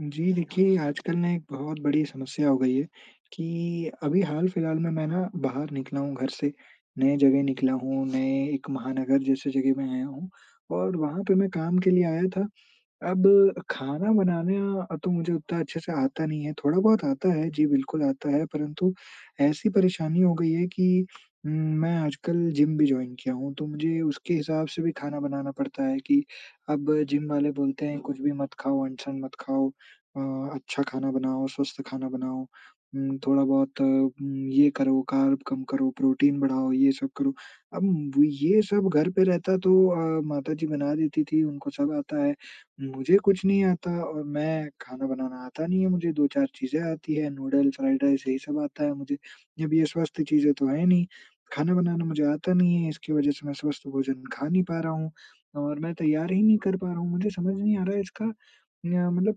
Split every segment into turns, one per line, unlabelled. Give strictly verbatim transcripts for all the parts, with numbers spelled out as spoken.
जी, देखिए आजकल ना एक बहुत बड़ी समस्या हो गई है कि अभी हाल-फिलहाल में मैं ना बाहर निकला हूँ घर से, नए जगह निकला हूँ, नए एक महानगर जैसे जगह में आया हूँ और वहाँ पे मैं काम के लिए आया था। अब खाना बनाना अ, तो मुझे उतना अच्छे से आता नहीं है, थोड़ा-बहुत आता है। जी, बिल्कुल आता है परंतु ऐसी परेशानी हो गई है कि उम, मैं आजकल जिम भी जॉइन किया हूँ। तो मुझे उसके हिसाब से भी खाना बनाना पड़ता है कि अब जिम वाले बोलते हैं, कुछ भी मत खाओ अंट-शंट मत खाओ, अ, अच्छा खाना बनाओ, स्वस्थ खाना बनाओ। उम, थोड़ा-बहुत उम, ये करो कार्ब कम करो, प्रोटीन बढ़ाओ, ये सब करो, अब ये सब घर पे रहता तो अ, माताजी बना देती थी उनको सब आता है। मुझे कुछ नहीं आता और मैं खाना बनाना आता नहीं है मुझे दो चार चीजें आती हैं नूडल्स, फ्राइड राइस यही सब आता है मुझे। जब ये स्वस्थ चीज़ें तो हैं नहीं, खाना बनाना मुझे आता नहीं है इसकी वजह से मैं स्वस्थ भोजन खा नहीं पा रहा हूँ। और मैं तैयार ही नहीं कर पा रहा हूँ मुझे समझ नहीं आ रहा है इसका न्य मतलब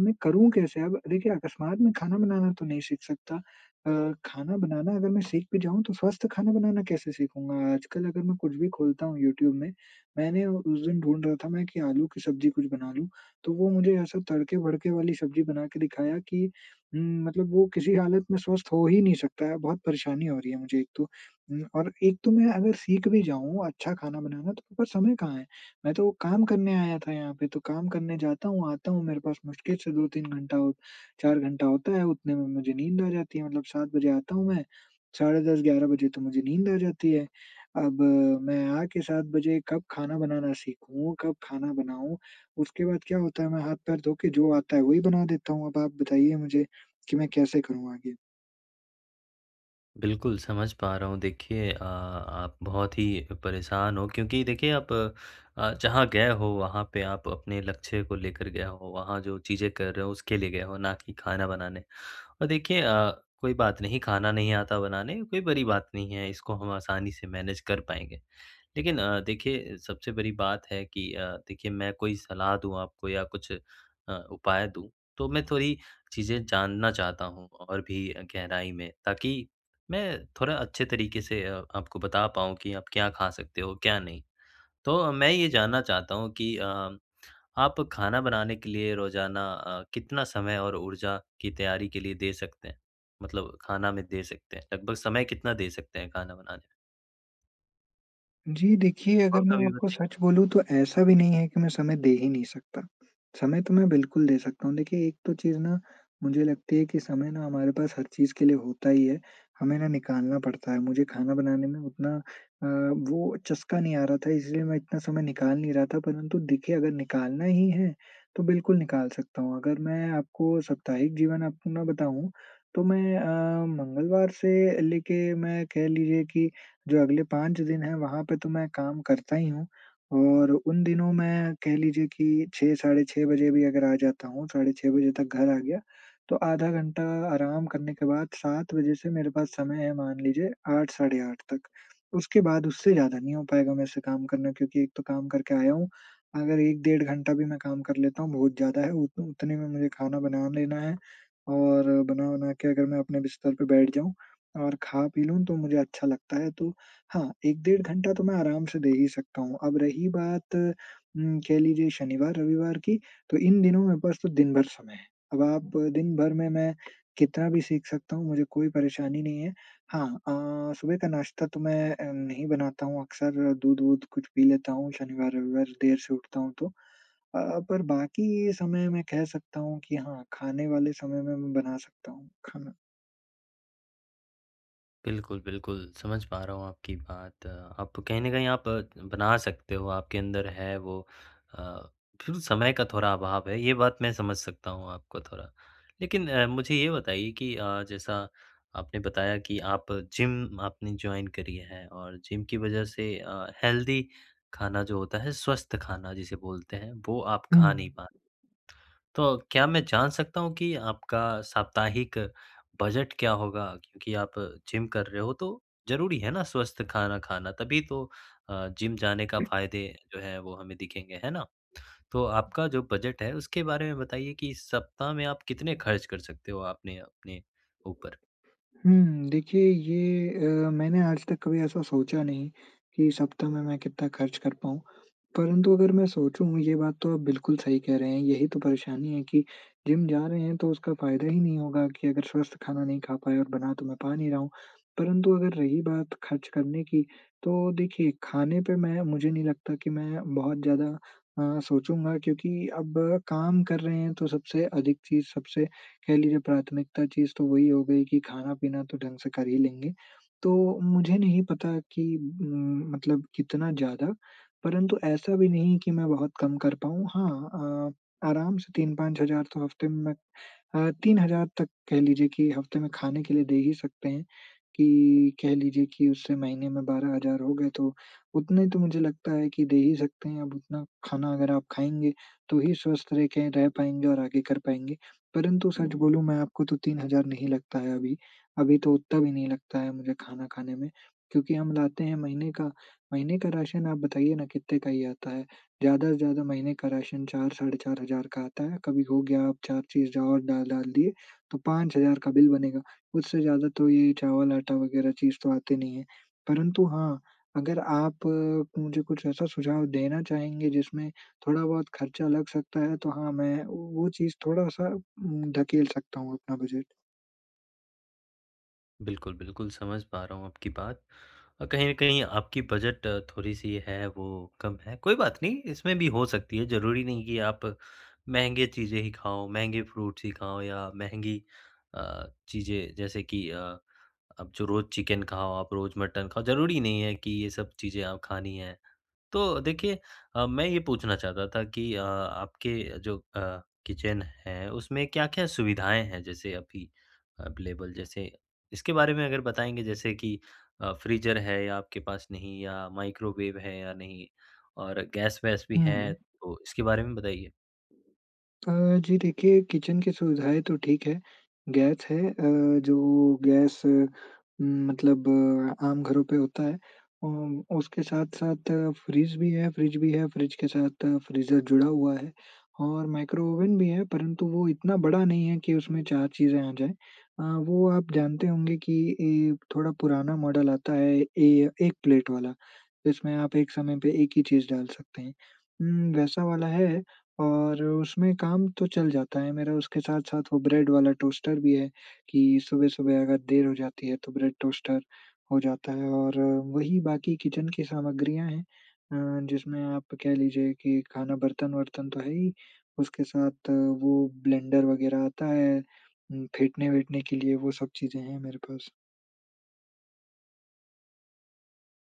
मैं करूँ कैसे? अब देखिए अकस्मात में खाना बनाना तो नहीं सीख सकता। अ, खाना बनाना अगर मैं सीख भी जाऊँ तो स्वस्थ खाना बनाना कैसे सीखूँगा? आजकल अगर मैं कुछ भी खोलता हूँ यूट्यूब में मैंने उस दिन ढूँढ रहा था मैं कि आलू की सब्ज़ी कुछ बना लूँ तो वो मुझे ऐसा तड़के-भड़के वाली सब्ज़ी बना के दिखाया कि उम, मतलब वो किसी हालत में स्वस्थ हो ही नहीं सकता है। बहुत परेशानी हो रही है मुझे एक तो उम, और एक तो मैं अगर सीख भी जाऊँ अच्छा खाना बनाना तो मेरे पास समय कहाँ है? मैं तो काम करने आया था यहाँ पे तो काम करने जाता हूँ, आता हूँ मेरे पास मुश्किल से दो तीन घंटा हो चार घंटा होता है उतने में मुझे नींद आ जाती है। मतलब सात बजे आता हूँ मैं, साढ़े दस ग्यारह बजे तो मुझे नींद आ जाती है। अब मैं आके सात बजे कब खाना बनाना सीखूँ, कब खाना बनाऊँ। उसके बाद क्या होता है मैं हाथ-पैर धो के जो आता है वही बना देता हूँ। अब आप बताइए मुझे कि मैं कैसे करूँ आगे?
बिल्कुल, समझ पा रहा हूँ देखिए अ, आप बहुत ही परेशान हो क्योंकि देखिए आप, अ, जहाँ गए हो वहाँ पे आप अपने लक्ष्य को लेकर गए हो। वहाँ जो चीज़ें कर रहे हो उसके लिए गए हो ना कि खाना बनाने। और देखिए अ, कोई बात नहीं खाना नहीं आता बनाने कोई बड़ी बात नहीं है इसको हम आसानी से मैनेज कर पाएँगे। लेकिन अ, देखिए सबसे बड़ी बात है कि अ, देखिए मैं कोई सलाह दूँ आपको या कुछ अ, उपाय दूँ तो मैं थोड़ी चीज़ें जानना चाहता हूँ और भी गहराई में ताकि मैं थोड़ा अच्छे तरीक़े से अ, आपको बता पाऊँ कि आप क्या खा सकते हो क्या नहीं। तो मैं ये जानना चाहता हूँ कि अ, आप खाना बनाने के लिए रोज़ाना अ, कितना समय और ऊर्जा की तैयारी के लिए दे सकते हैं? मतलब खाना में दे सकते हैं लगभग समय कितना दे सकते हैं खाना बनाने में?
जी देखिए, अगर
और
मैं
कभी
आपको
बताई
सच बोलूँ तो ऐसा भी नहीं है कि मैं समय दे ही नहीं सकता। समय तो मैं बिल्कुल दे सकता हूँ देखिए एक तो चीज़ ना मुझे लगती है कि समय ना हमारे पास हर चीज़ के लिए होता ही है हमें ना निकालना पड़ता है। मुझे खाना बनाने में उतना अ, वो चस्का नहीं आ रहा था इसलिए मैं इतना समय निकाल नहीं रहा था परंतु देखिए अगर निकालना ही है तो बिल्कुल निकाल सकता हूँ। अगर मैं आपको साप्ताहिक जीवन अपना बताऊँ तो मैं अ, मंगलवार से लेके मैं कह लीजिए कि जो अगले पाँच दिन हैं वहाँ पे तो मैं काम करता ही हूँ, और उन दिनों मैं कह लीजिए कि छह साढ़े छह बजे भी अगर आ जाता हूँ साढ़े छह बजे तक घर आ गया तो आधा घंटा आराम करने के बाद सात बजे से मेरे पास समय है मान लीजिए आठ साढ़े आठ तक। उसके बाद उससे ज़्यादा नहीं हो पाएगा मेरे से काम करना क्योंकि एक तो काम करके आया हूँ। अगर एक डेढ़ घंटा भी मैं काम कर लेता हूँ बहुत ज़्यादा है उत उतने में मुझे खाना बना लेना है और बना-वना के अगर मैं अपने बिस्तर पे बैठ जाऊँ, और खा-पी लूँ तो मुझे अच्छा लगता है तो हाँ, एक डेढ़ घंटा तो मैं आराम से दे ही सकता हूँ। अब रही बात उम, कह लीजिए शनिवार-रविवार की तो इन दिनों मेरे पास तो दिन-भर समय है। अब आप दिन-भर में मैं कितना भी सीख सकता हूँ मुझे कोई परेशानी नहीं है। हाँ अ, सुबह का नाश्ता तो मैं अ, नहीं बनाता हूँ अक्सर दूध-वूध कुछ पी लेता हूँ। शनिवार-रविवार देर से उठता हूँ तो, अ अ, पर बाकी ये समय मैं कह सकता हूँ कि हाँ खाने वाले समय में मैं बना सकता हूँ खाना।
बिल्कुल, बिल्कुल समझ पा रहा हूँ आपकी बात। आप कहीं न कहीं आप बना सकते हो आपके अंदर है वो अ, फिर समय का थोड़ा अभाव है ये बात मैं समझ सकता हूँ आपको थोड़ा। लेकिन अ, मुझे ये बताइए कि अ, जैसा आपने बताया कि आप जिम आपने जॉइन करी है और जिम की वज़ह से अ, हेल्दी खाना जो होता है स्वस्थ खाना जिसे बोलते हैं, वो आप खा नहीं
हुँ।
पाते। तो क्या मैं जान सकता हूँ कि आपका साप्ताहिक बजट क्या होगा? क्योंकि आप जिम कर रहे हो तो ज़रूरी है ना, स्वस्थ खाना खाना तभी तो अ, जिम जाने का फ़ायदे जो हैं वो हमें दिखेंगे, है ना? तो आपका जो बजट है उसके बारे में बताइए कि इस सप्ताह में आप कितने खर्च कर सकते हो आपने अपने ऊपर?
हुँ, देखिए ये अ, मैंने आज तक कभी ऐसा सोचा नहीं कि सप्ताह में मैं कितना खर्च कर पाऊँ। परंतु अगर मैं सोचूँ ये बात तो आप बिल्कुल सही कह रहे हैं यही तो परेशानी है कि, जिम जा रहे हैं तो उसका फ़ायदा ही नहीं होगा कि अगर स्वस्थ खाना नहीं खा पाए और बना तो मैं पा नहीं रहा हूँ। परंतु अगर रही बात खर्च करने की, तो देखिए खाने पे मैं मुझे नहीं लगता कि मैं बहुत ज़्यादा अ, सोचूँगा क्योंकि अब काम कर रहे हैं तो सबसे अधिक चीज़ सबसे कह लीजिए प्राथमिकता चीज़ तो वो ही हो गई कि खाना-पीना तो ढंग से कर ही लेंगे। तो मुझे नहीं पता कि म मतलब कितना ज़्यादा? परंतु ऐसा भी नहीं कि मैं बहुत कम कर पाऊँ। हाँ अ, आराम से तीन पाँच हज़ार तो हफ़्ते में। मैं तीन हज़ार तक कह लीजिए कि हफ़्ते में खाने के लिए दे ही सकते हैं कि कह लीजिए की उससे महीने में बारह हज़ार हो गए। तो उतने तो मुझे लगता है कि दे ही सकते हैं अब उतना खाना अगर आप खाएँगे तो ही स्वस्थ रह के रह पाएँगे और आगे कर पाएँगे। परंतु सच बोलूँ मैं आपको तो तीन हज़ार नहीं लगता है अभी। अभी तो उतना भी नहीं लगता है मुझे खाना खाने में क्योंकि हम लाते हैं महीने का महीने का राशन आप बताइए ना कितने का ही आता है? ज़्यादा से ज़्यादा महीने का राशन चार साढ़े चार हज़ार का आता है। कभी हो गया आप चार चीज़ और डाल डाल दिए तो पाँच हज़ार का बिल बनेगा। उससे ज़्यादा तो ये चावल-आटा वग़ैरह चीज़ तो आती नहीं है। परंतु हाँ, अगर आप मुझे कुछ ऐसा सुझाव देना चाहेंगे जिसमे थोड़ा बहुत खर्चा लग सकता है तो हाँ मैं वो चीज़ थोड़ा-सा उम, धकेल सकता हूँ अपना बजट।
बिल्कुल, बिल्कुल, समझ पा रहा हूँ आपकी बात। अ, कहीं न कहीं आपकी बजट थोड़ी-सी है, वो कम है। कोई बात नहीं, इसमें भी हो सकती है, ज़रूरी नहीं कि आप महँगे चीज़ें ही खाओ, महँगे फ्रूट्स ही खाओ या महँगी अ, चीज़ें, जैसे कि अ, आप जो रोज़ चिकन खाओ, आप रोज मटन खा ज़रूरी नहीं है कि ये सब आप चीज़ें खानी हैं। तो देखिए अ, मैं ये पूछना चाहता था कि अ, आपके जो अ, किचन है, उसमें क्या-क्या सुविधाएँ हैं? जैसे अभी अवेलेबल, जैसे इसके बारे में अगर बताएँगे, जैसे कि अ, फ्रीज़र है या आपके पास नहीं या माइक्रोवेव है या नहीं और गैस-वैस भी है?
हुँ।
तो इसके बारे में बताइए।
अ, जी देखिए, किचन की सुविधाएँ तो ठीक हैं। गैस है, अ, जो गैस मतलब आम घरों पे होता है। अम उसके साथ-साथ फ्रिज भी है फ्रिज भी है, फ्रिज के साथ फ्रीज़र जुड़ा हुआ है और माइक्रो ओवन भी है, परंतु वो इतना बड़ा नहीं है कि उसमें चार चीज़ें आ जाएँ। अ, वो आप जानते होंगे कि ए, थोड़ा पुराना मॉडल आता है, ए, एक प्लेट वाला, जिसमें आप एक समय पे एक ही चीज़ डाल सकते हैं। उम, वैसा वाला है और उसमें काम तो चल जाता है मेरा, उसके साथ-साथ वो ब्रेड वाला टोस्टर भी है कि सुबह-सुबह अगर देर हो जाती है, तो ब्रेड टोस्टर हो जाता है और वही, बाकी किचन की सामग्रियाँ हैं अ, जिसमें आप कह लीजिए कि खाना, बर्तन-वर्तन तो है ही, उसके साथ वो ब्लेंडर वगैरह आता है, उम, फेटने-वेटने के लिए, वो सब चीज़ें हैं मेरे पास।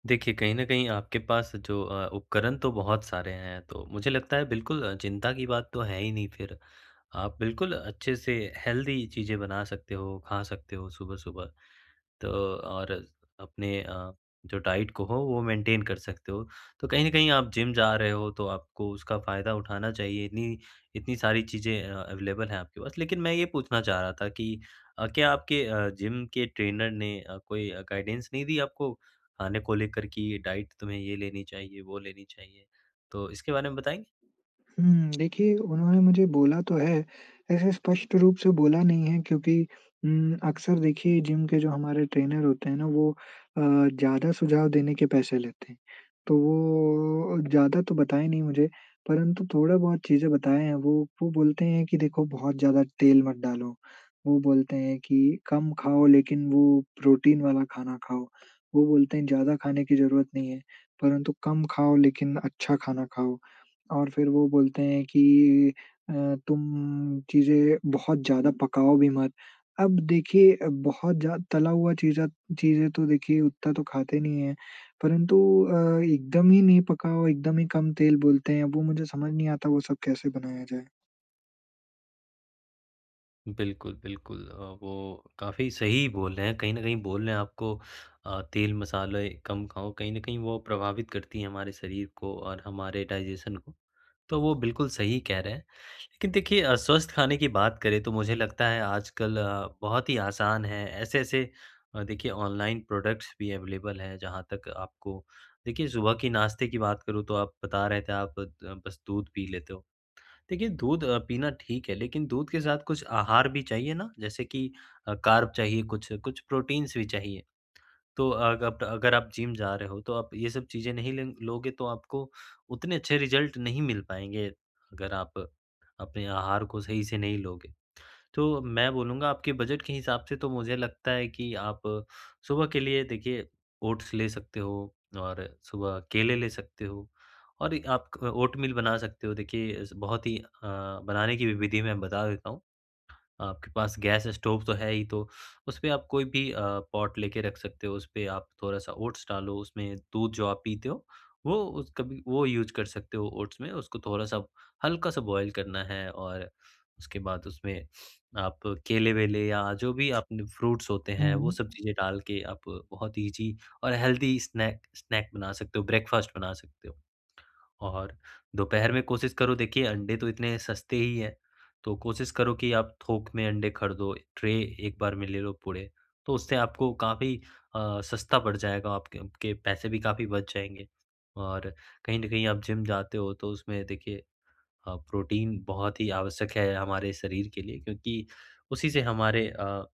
देखिए, कहीं न कहीं आपके पास जो अ, उपकरण तो बहुत सारे हैं। तो मुझे लगता है बिल्कुल चिंता की बात तो है ही नहीं फिर। आप बिल्कुल अच्छे से हेल्दी चीज़ें बना सकते हो, खा सकते हो सुबह-सुबह। तो और अपने अ, जो डाइट को हो वो मेंटेन कर सकते हो। तो कहीं न कहीं आप जिम जा रहे हो तो आपको उसका फ़ायदा उठाना चाहिए। इतनी इतनी सारी चीज़ें अवेलेबल हैं आपके पास। लेकिन मैं ये पूछना चाह रहा था कि अ, क्या आपके अ, जिम के ट्रेनर ने अ, कोई गाइडेंस नहीं दी आपको खाने को लेकर कि डाइट तुम्हें ये लेनी चाहिए, वो लेनी चाहिए? तो इसके बारे में बताएँगे?
हुँ। देखिए उन्होंने मुझे बोला तो है। ऐसे स्पष्ट रूप से बोला नहीं है क्योंकि उम, अक्सर देखिए जिम के जो हमारे ट्रेनर होते हैं ना, वो अ, ज़्यादा सुझाव देने के पैसे लेते हैं। तो वो ज़्यादा तो बताए नहीं मुझे परंतु थोड़ा बहुत चीज़ें बताए हैं वो। वो बोलते हैं कि देखो बहुत ज़्यादा तेल मत डालो, वो बोलते हैं कि कम खाओ लेकिन वो प्रोटीन वाला खाना खाओ। वो बोलते हैं ज़्यादा खाने की ज़रूरत नहीं है, परंतु कम खाओ लेकिन अच्छा खाना खाओ। और फिर वो बोलते हैं कि अ, तुम चीज़ें बहुत ज्यादा पकाओ भी मत। अब देखिए बहुत ज़्या तला हुआ चीज़ा चीज़ें तो देखिए उतना तो खाते नहीं है। परंतु अ, एकदम ही नहीं पकाओ, एकदम ही कम तेल बोलते हैं, वो मुझे समझ नहीं आता वो सब कैसे बनाया जाए?
बिल्कुल, बिल्कुल। अ, वो काफ़ी सही ही बोल रहे हैं कहीं न कहीं बोल रहे हैं आपको अ, तेल-मसाले कम खाओ। कहीं न कहीं वो प्रभावित करती है हमारे शरीर को और हमारे डाइजेशन को। तो वो बिल्कुल सही कह रहे हैं। लेकिन देखिए अ, स्वस्थ खाने की बात करें तो मुझे लगता है आजकल बहुत ही आसान है ऐसे-ऐसे देखिए ऑनलाइन प्रोडक्ट्स भी अवेलेबल हैं। जहाँ तक आपको देखिए सुबह के नाश्ते की बात करूँ तो आप बता रहे थे आप बद बस दूध पी लेते हो। देखिए दूध अ, पीना ठीक है लेकिन दूध के साथ कुछ आहार भी चाहिए ना, जैसे कि कार्ब चाहिए कुछ, कुछ प्रोटीन्स भी चाहिए। तो अग आप अगर आप जिम जा रहे हो तो आप ये सब चीज़ें नहीं लेंग लोगे तो आपको उतने अच्छे रिज़ल्ट नहीं मिल पाएँगे। अगर आप अपने आहार को सही से नहीं लोगे। तो मैं बोलूँगा आपके बजट के हिसाब से तो मुझे लगता है कि आप सुबह के लिए देखिए ओट्स ले सकते हो, और सुबह केले ले सकते हो और एक आप ओटमील बना सकते हो। देखिए अस बहुत ही अ, बनाने की विधि मैं बता देता हूँ। आपके पास गैस स्टोव तो है ही तो उसपे आप कोई भी अ, पॉट लेके रख सकते हो, उसपे आप थोड़ा-सा ओट्स डालो उसमें दूध जो आप पीते हो, वो उस कभी वो यूज़ कर सकते हो ओट्स में उसको थोड़ा-सा हल्का-सा बॉयल करना है। और उसके बाद उसमें आप केले-वेले या जो भी आपने फ्रूट्स होते हैं वो सब
हुँ।
चीज़ें डाल के आप बहुत ईज़ी और हेल्थी स्नैक स्नैक बना सकते हो, ब्रेकफास्ट बना सकते हो। और दोपहर में कोशिश करो देखिए अंडे तो इतने सस्ते ही हैं, तो कोशिश करो कि आप थोक में अंडे खरीदो, ट्रे एक बार में ले लो पूरे तो उससे आपको काफ़ी अ, सस्ता पड़ जाएगा, आपके आपके पैसे भी काफ़ी बच जाएँगे। और कहीं न कहीं आप जिम जाते हो तो उसमें देखिए अ, प्रोटीन बहुत ही आवश्यक है हमारे शरीर के लिए क्योंकि उसी से हमारे अ,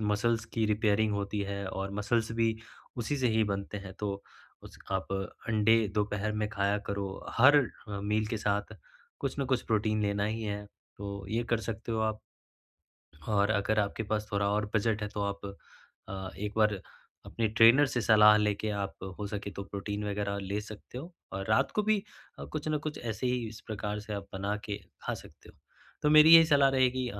मसल्स की रिपेयरिंग होती है और मसल्स भी उसी से ही बनते हैं। तो उसक आप अंडे दोपहर में खाया करो। हर मील के साथ कुछ न कुछ प्रोटीन लेना ही है तो ये कर सकते हो आप। और अगर आपके पास थोड़ा और बजट है तो आप अ, एक बार अपने ट्रेनर से सलाह लेके आप हो सके तो प्रोटीन वगैरह ले सकते हो और रात को भी कुछ ना कुछ ऐसे ही इस प्रकार से आप बना के खा सकते हो। तो मेरी यही सलाह रहेगी अ,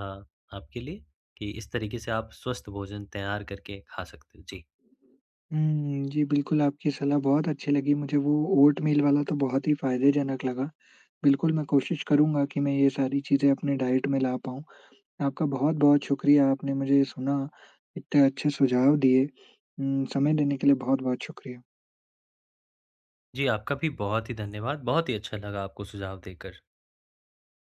आपके लिए कि इस तरीके से आप स्वस्थ भोजन तैयार करके खा सकते हैं, जी।
हम्म। जी बिल्कुल, आपकी सलाह बहुत अच्छी लगी मुझे वो ओटमील वाला तो बहुत ही फ़ायदेजनक लगा। बिल्कुल मैं कोशिश करूँगा कि मैं ये सारी चीज़ें अपने डाइट में ला पाऊँ। आपका बहुत-बहुत शुक्रिया आपने मुझे ये सुना, इतने अच्छे सुझाव दिए। उम, समय देने के लिए बहुत-बहुत शुक्रिया।
जी आपका भी बहुत ही धन्यवाद। बहुत ही अच्छा लगा आपको सुझाव देकर।